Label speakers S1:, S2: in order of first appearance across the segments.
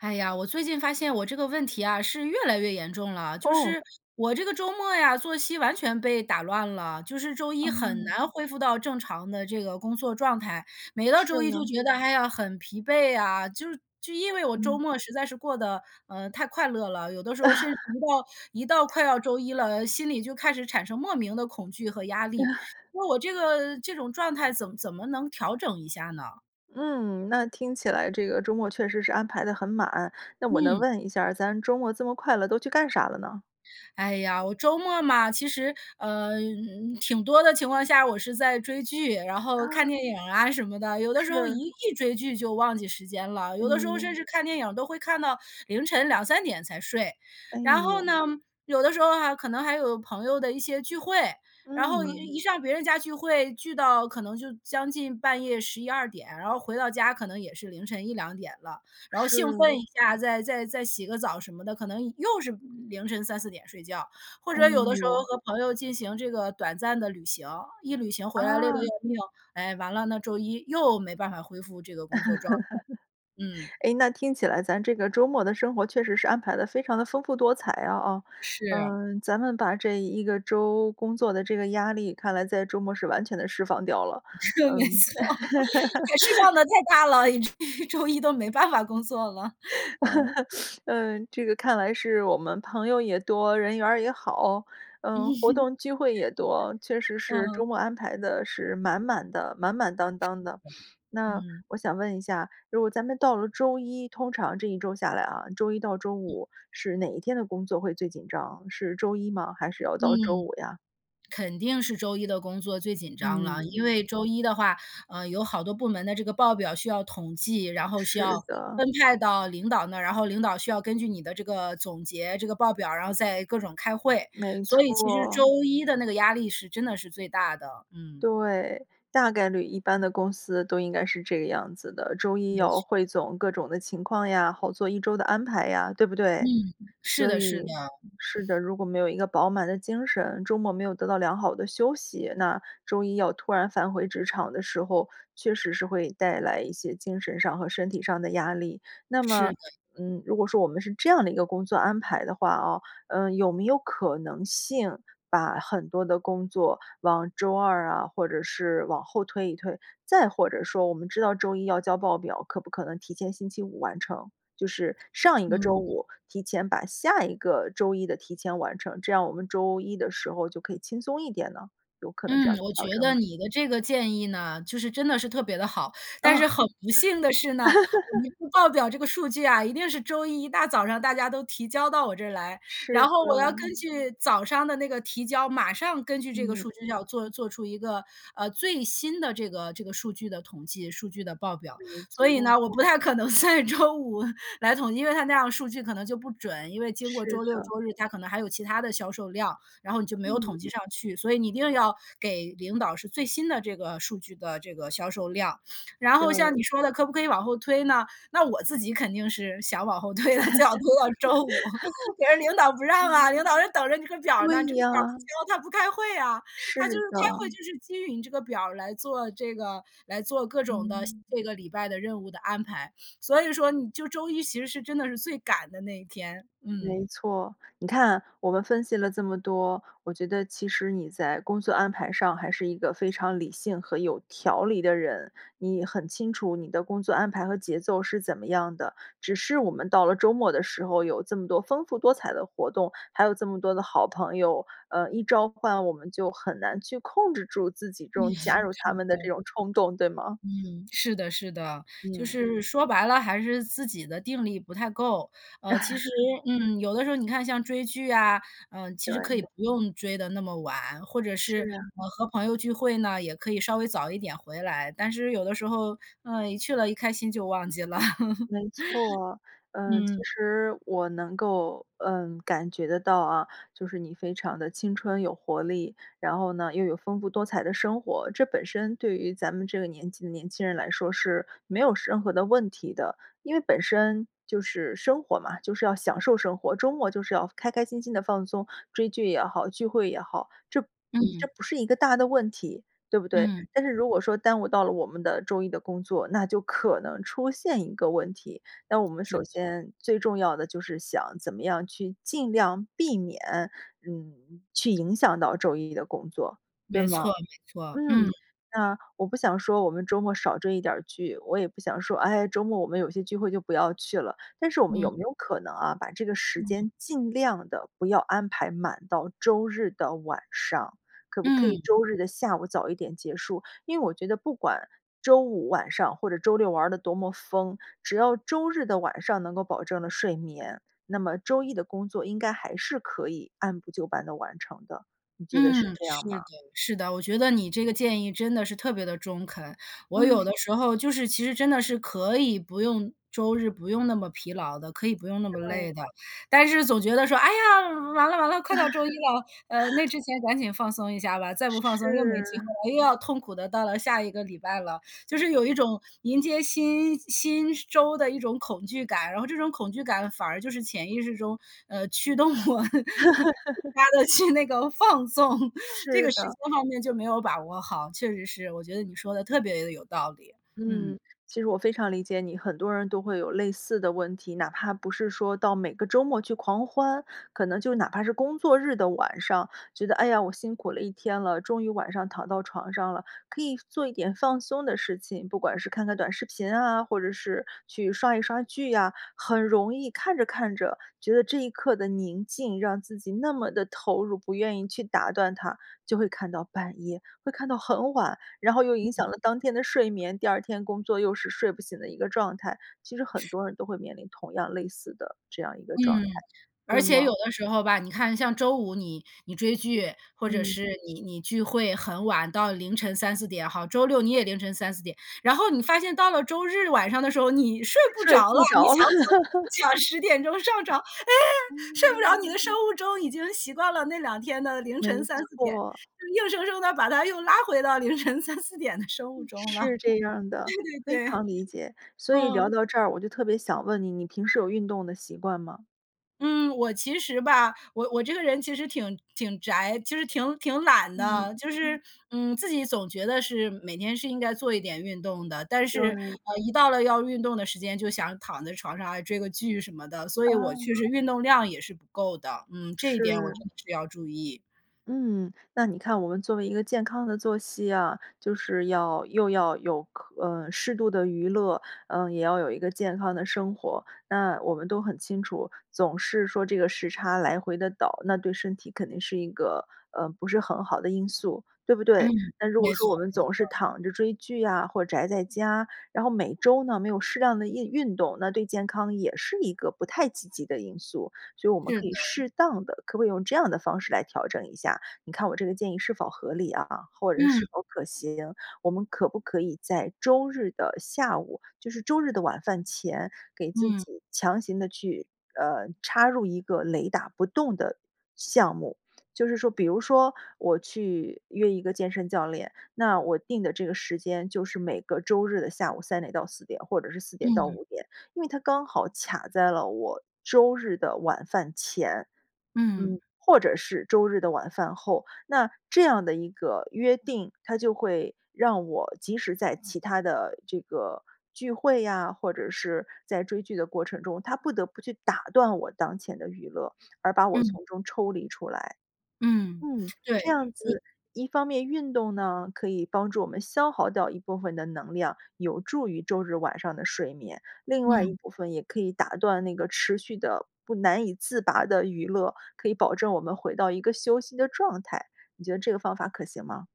S1: 哎呀，我最近发现我这个问题啊，是越来越严重了，就
S2: 哦。
S1: 是我这个周末呀作息完全被打乱了，就是周一很
S2: 哦。
S1: 难恢复到正常的这个工作状态。每到
S2: 是
S1: 周一就
S2: 的。
S1: 觉得，哎呀，很疲惫啊，就是就因为我周
S2: 嗯。
S1: 末实在是过得，呃，太快乐了，有的时候甚至一 到一到快要周一了，心里就开始产生莫名的恐惧和压力。那我这个这种状态怎怎么能调整一下呢？
S2: 嗯。那听起来这个周末确实是安排得很满。那我能
S1: 嗯。
S2: 问一下，咱周末这么快乐都去干啥了呢？
S1: 哎呀，我周末嘛，其实，呃，嗯，挺多的情况下，我是在追剧，然后看
S2: 啊。
S1: 电影啊什么的。有的时候
S2: 是。
S1: 一一追剧就忘记时间了，
S2: 哎
S1: 有的时候甚
S2: 呦。
S1: 至看电影都会看到凌晨2-3点才睡。
S2: 哎
S1: 然后呢，
S2: 呦。
S1: 有的时候啊，可能还有朋友的一些聚会，然后一
S2: 嗯。
S1: 一上别人家聚会聚到可能就将近半夜11-12点，然后回到家可能也是凌晨1-2点了。然后兴
S2: 是。
S1: 奋一下，再再再洗个澡什么的，可能又是凌晨3-4点睡觉。或
S2: 哎
S1: 者有的时候
S2: 呦。
S1: 和朋友进行这个短暂的旅行，一旅行回来累得
S2: 啊。
S1: 要命，哎，完了呢，周一又没办法恢复这个工作状态。嗯。
S2: 哎，那听起来咱这个周末的生活确实是安排得非常地丰富多彩啊哦。
S1: 是。
S2: 嗯，咱们把这一个周工作的这个压力，看来在周末是完全地释放掉了，
S1: 是，没
S2: 嗯。
S1: 错，释放得放的 太大了，以至于周一都没办法工作了，嗯。
S2: 嗯，这个看来是我们朋友也多，人缘儿也好，嗯，活 动机会也多，确实是
S1: 嗯。
S2: 周末安排得是满满的满满当
S1: 是的，
S2: 当的。那
S1: 嗯。
S2: 我想问一下，如果咱们到了周一，通常这一周下来啊，周一到周五是哪一天的工作会最紧张，是周一吗，还是要
S1: 嗯。
S2: 到周五呀？
S1: 肯定是周一的工作最紧张了，因
S2: 嗯。
S1: 为周一的话，嗯，有好多部门的这个报表需要统计，然后需要
S2: 是的。
S1: 分派到领导那儿，然后领导需要根据你的这个总结、这个报表，然后再各种开会。
S2: 没
S1: 所以其实
S2: 错。
S1: 周一的那个压力是真的是最大的，嗯。
S2: 对，大概率一般的公司都应该是这个样子的，周一
S1: 没错儿。
S2: 汇总各种的情况呀，好做一周的安排呀，对不
S1: 嗯，
S2: 对？
S1: 是
S2: 所
S1: 的是的。
S2: 以是的，如果没有一个饱满的精神，周末没有得到良好的休息，那周一要突然返回职场的时候，确实是会带来一些精神上和身体上的压力。那
S1: 是
S2: 么，
S1: 的。
S2: 嗯，如果说我们是这样的一个工作安排的话哦，呃，有没有可能性把很多的工作往周二啊或者是往后推一推？再或者说，我们知道周一要交报表，可不可能提前星期五完成？就是上一个周
S1: 嗯。
S2: 五提前把下一个周一的提前完成，这样我们周一的时候就可以轻松一点呢？有可能这样
S1: 嗯，
S2: 去
S1: 我觉
S2: 调整吗？
S1: 得你的这个建议呢，就是真的是特别地好。但
S2: 哦。
S1: 是很不幸的是呢，我们 报表这个数据啊，一定是周一一大早上大家都提交到我这儿来，
S2: 是
S1: 然后
S2: 的。
S1: 我要根据早上的那个提交，马上根据这个
S2: 嗯。
S1: 数据，要做做出一个，呃，最新的这个这个数据的统计、数据的报表。
S2: 没
S1: 所以
S2: 错。
S1: 呢，我不太可能在周五来统计，因为它那样数据可能就不准，因为经过
S2: 是
S1: 周六
S2: 的。
S1: 周日，它可能还有其他的销售量，然后你就没有
S2: 嗯。
S1: 统计上去，所以，你一定要给领导是最新的这个数据的这个销售量。然后，像
S2: 对。
S1: 你说的，可不可以往后推呢？那我自己肯定是想往后推的，最好推到周五，但是领导不 让啊，
S2: 嗯。
S1: 领导就等着你这个表呢，
S2: 对
S1: 这个表
S2: 呀。
S1: 不交，他不开会呀，他就是
S2: 是的。
S1: 开会，就是基于你这个表儿来做这个来做各种的
S2: 嗯。
S1: 这个礼拜的任务的安排，所以说你就周一其实是真的是最赶的那一天，嗯。
S2: 没错。你看我们分析了这么多，我觉得其实你在工作安排上还是一个非常理性和有条理的人。你很清楚你的工作安排和节奏是怎么样的，只是我们到了周末的时候有这么多丰富多彩的活动，还有这么多的好朋友，呃，一召唤，我们就很难去控制住自己这 种
S1: 是
S2: 加入他们的这
S1: 的。
S2: 种冲动，对吗？
S1: 嗯，是的是的，就
S2: 嗯。
S1: 是说白了，还是自己的定力不太够。呃，其实，嗯，有的时候你看像追剧啊，嗯，其实可以
S2: 对。
S1: 不用追得那么晚，或者
S2: 是
S1: 是，
S2: 啊。
S1: 呃，和朋友聚会呢，也可以稍微早一点回来。但是，有的时候，嗯，一去了一开心就忘记了，
S2: 没错，嗯，其
S1: 嗯。
S2: 实我能够，嗯，感觉得到啊，就是你非常地青春有活力，然后呢也有非常丰富多彩的生活，这本身对于咱们这个年纪的年轻人来说是没有任何的问题的。因为本身就是生活嘛，就是要享受生活，周末就是要开开心心地放松，追剧也好，聚会也好，这嗯，这
S1: 嗯。
S2: 不是一个大的问题，对不对？
S1: 嗯。
S2: 但是如果说耽误到了我们的周一的工作，那就可能出现一个问题，那我们
S1: 是
S2: 首
S1: 的。
S2: 先最重要的就是想怎么样去尽量避免，嗯，去影响到周一的工作，对
S1: 没
S2: 吗？
S1: 错没错，嗯。
S2: 嗯，那我不想说我们周末少追一点儿剧，我也不想说，哎，周末我们有些聚会就不要去了，但是我们有没
S1: 嗯。
S2: 有可能啊，把这个时
S1: 嗯。
S2: 间尽量地不要安排满到周日的晚上，可不可以
S1: 嗯。
S2: 周日的下午早一点结束，因为我觉得不管周五晚上或者周六玩儿得多么疯，只要周日的晚上能够保证了睡眠，那么周一的工作应该还是可以按部就班地完成的。你觉得是
S1: 嗯，
S2: 这样
S1: 是
S2: 吗？
S1: 的是的，我觉得你这个建议真的是特别地中肯。我有
S2: 嗯。
S1: 的时候就是其实真的是可以不用周日不用那么疲劳的，可以不用那么
S2: 对。
S1: 累的，但是总觉得说，哎呀，完了完了，快到周一了，呃，那 之前赶紧放松一下吧，再不放松又没机
S2: 是。
S1: 会了，又要痛苦地到了下一个礼拜了。就是有一种迎接新新周的一种恐惧感，然后，这种恐惧感反而就是潜意识中，嗯，驱动我 它的去那个放纵，这
S2: 是
S1: 个时
S2: 的。
S1: 间方面就没有把握好。确实是，我觉得你说得特别地有道理，
S2: 嗯，
S1: 嗯。
S2: 其实我非常理解你，很多人都会有类似的问题，哪怕不是说到每个周末去狂欢，可能就哪怕是工作日的晚上，觉得哎呀，我辛苦了一天了，终于晚上躺到床上了，可以做一点放松的事情，不管是看看短视频啊，或者是去刷一刷剧呀，很容易看着看着觉得这一刻的宁静让自己那么地投入，不愿意去打断它，就会看到半夜，会看到很晚，然后又影
S1: 嗯。
S2: 响了当天的睡眠，第2天工作又是睡不醒的一个状态。其实很
S1: 是。
S2: 多人都会面临同样类似的这样一个状态，
S1: 嗯，而
S2: 对
S1: 且
S2: 吗？
S1: 有的时候吧，你看像周五你你追剧，或者
S2: 嗯。
S1: 是你你聚会很晚到凌晨3-4点，好，周六你也凌晨3-4点，然后你发现到了周日晚上的时候，你睡不
S2: 睡
S1: 着了，
S2: 不
S1: 你
S2: 着了。
S1: 想，你 想10点钟上床，哎，睡不着，
S2: 嗯。
S1: 你的生物钟已经习惯了那两天的凌晨
S2: 没
S1: 3-4点，
S2: 错。
S1: 硬生生地把它又拉回到凌晨3-4点的生物
S2: 嗯，
S1: 钟了，
S2: 是这样的，非
S1: 对对对，
S2: 常理解。所以聊
S1: 嗯。
S2: 到这儿，我就特别想问你，你平时有运动的习惯吗？
S1: 嗯，我其实吧，我我这个人其实挺挺宅，就是挺挺懒
S2: 嗯，
S1: 的，就
S2: 嗯。
S1: 是，嗯，自己总觉得是每天是应该做一点运动的，但是，
S2: 对。
S1: 呃，一到了要运动的时间就想躺在床上啊，追个剧什么的。所以我
S2: 啊。
S1: 确实运动量也是不够的，嗯，这一点我
S2: 是。
S1: 真的是要注意。
S2: 嗯，那你看，我们作为一个健康的作息啊，就是要，又要有，可嗯，适度的娱乐，嗯，也要有一个健康的生活。那我们都很清楚，总是说这个时差来回地倒，那对身体肯定是一个，呃，不是很好的因素，对不对？
S1: 嗯。
S2: 那如果
S1: 没
S2: 说我
S1: 错
S2: 们
S1: 没
S2: 总是
S1: 错。
S2: 躺着追剧呀，或者宅在家，然后每周呢没有适量的印运动，那对健康也是一个不太积极的因素，所以我们
S1: 是
S2: 可以
S1: 的。
S2: 适当地可不可以用这样的方式来调整一下，你看我这个建议是否合理啊，或者是是
S1: 嗯。
S2: 否可行。我们可不可以在周日的下午，就是周日的晚饭前，给自
S1: 嗯。
S2: 己强行地去，呃，插入一个雷打不动的项目，就是说，比如说我去约一个健身教练，那我定的这个时间就是每个周日的下午3点到4点，或者是4点到
S1: 嗯。
S2: 5点，因为它刚好卡在了我周日的晚饭前，嗯，
S1: 嗯。
S2: 或者是周日的晚饭后，那这样的一个约定，它就会让我即使在其它的这个聚会呀，或者是在追剧的过程中，它不得不去打断我当前的娱乐，而把我
S1: 嗯。
S2: 从中抽离出来。
S1: 嗯，
S2: 嗯，
S1: 对，
S2: 这样
S1: 我
S2: 子一方面运动呢，可以帮助我们消耗掉一部分的能量，有助于周日晚上的睡眠，另外一
S1: 嗯。
S2: 部分也可以打断那个持续的、不难以自拔的娱乐，可以保证我们回到一个休息的状态。你觉得这个方法可行吗？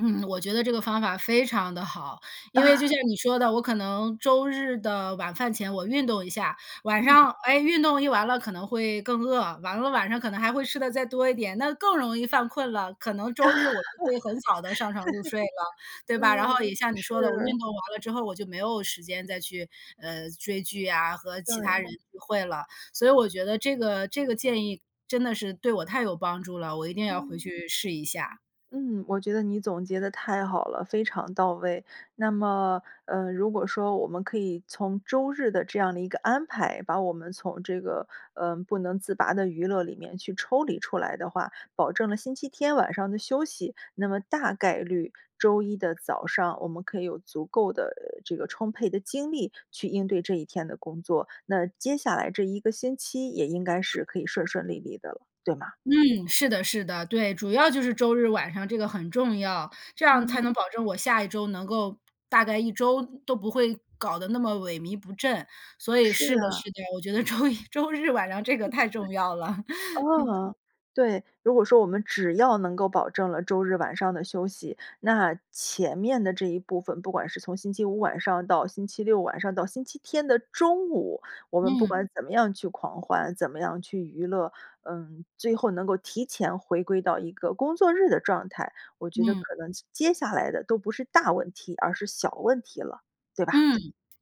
S1: 嗯，我觉得这个方法非常地好，因为就 像你说的，我可能周日的晚饭前我运动一下，晚
S2: 嗯。
S1: 上，哎，运动一完了可能会更饿，完了晚上可能还会吃得再多一点，那更容易犯困了，可能周日我就会很早地上床入睡了，对吧？然后
S2: 嗯。
S1: 也像你说的，我运
S2: 是。
S1: 动完了之后，我就没有时间再去，嗯，追剧呀，和其他
S2: 对。
S1: 人聚会了，所以我觉得这个这个建议真的是对我太有帮助了，我一定要回
S2: 嗯。
S1: 去试一下。
S2: 嗯，我觉得你总结得太好了，非常到位。那么，呃，如果说我们可以从周日的这样的一个安排，把我们从这个，呃，不能自拔的娱乐里面去抽离出来的话，保证了星期天晚上的休息。那么大概率周一的早上，我们可以有足够的，呃，这个充沛的精力去应对这一天的工作。那接下来这一个星期也应该是可以顺顺利利的了，对吗？
S1: 嗯，是的，是的。对，主要就是周日晚上这个很重要，这样才
S2: 嗯。
S1: 能保证我下一周能够大概一周都不会搞得那么萎靡不振。所以，
S2: 是
S1: 是的
S2: 啊。
S1: 是的，我觉得周一周日晚上 这个太重要了。
S2: 哦，对，如果说我们只要能够保证了周日晚上的休息，那前面的这一部分不管是从星期五晚上到星期六晚上到星期天的中午，我们不
S1: 嗯。
S2: 管怎么样去狂欢，怎么样去娱乐，嗯，最后能够提前回归到一个工作日的状态，我觉得可
S1: 嗯。
S2: 能接接下来的都不是大问题，而是小问题了，对吧？
S1: 嗯，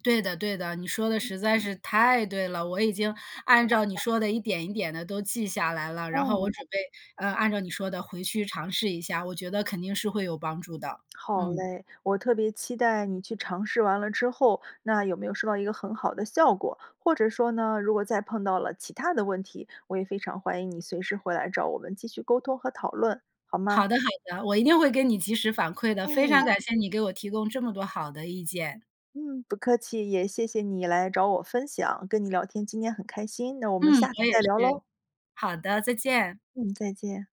S1: 对的对的，你说得
S2: 嗯。
S1: 实在是太对了，我已经
S2: 好
S1: 按
S2: 的。
S1: 照你说的一点一点地都记下来了。然后我
S2: 嗯。
S1: 准备，呃，按照你说的回去尝试一下，我觉得肯定是会有帮助的，
S2: 好
S1: 嗯。
S2: 嘞，我特别期待你去尝试完了之后，那有没有收到一个很好的效果，或者说呢，如果再碰到了其它的问题，我也非常欢迎你随时回来找我们继续沟通和讨论，好吗？
S1: 好的好的，我一定会给你及时反馈的，非
S2: 哎。
S1: 常感谢你给我提供这么多好的意见。
S2: 嗯，不客气。也谢谢你来找我分享跟你聊天，今天很开心，那我们
S1: 嗯，
S2: 下次
S1: 我也
S2: 再聊喽。
S1: 是，好的，再见。
S2: 嗯，再见。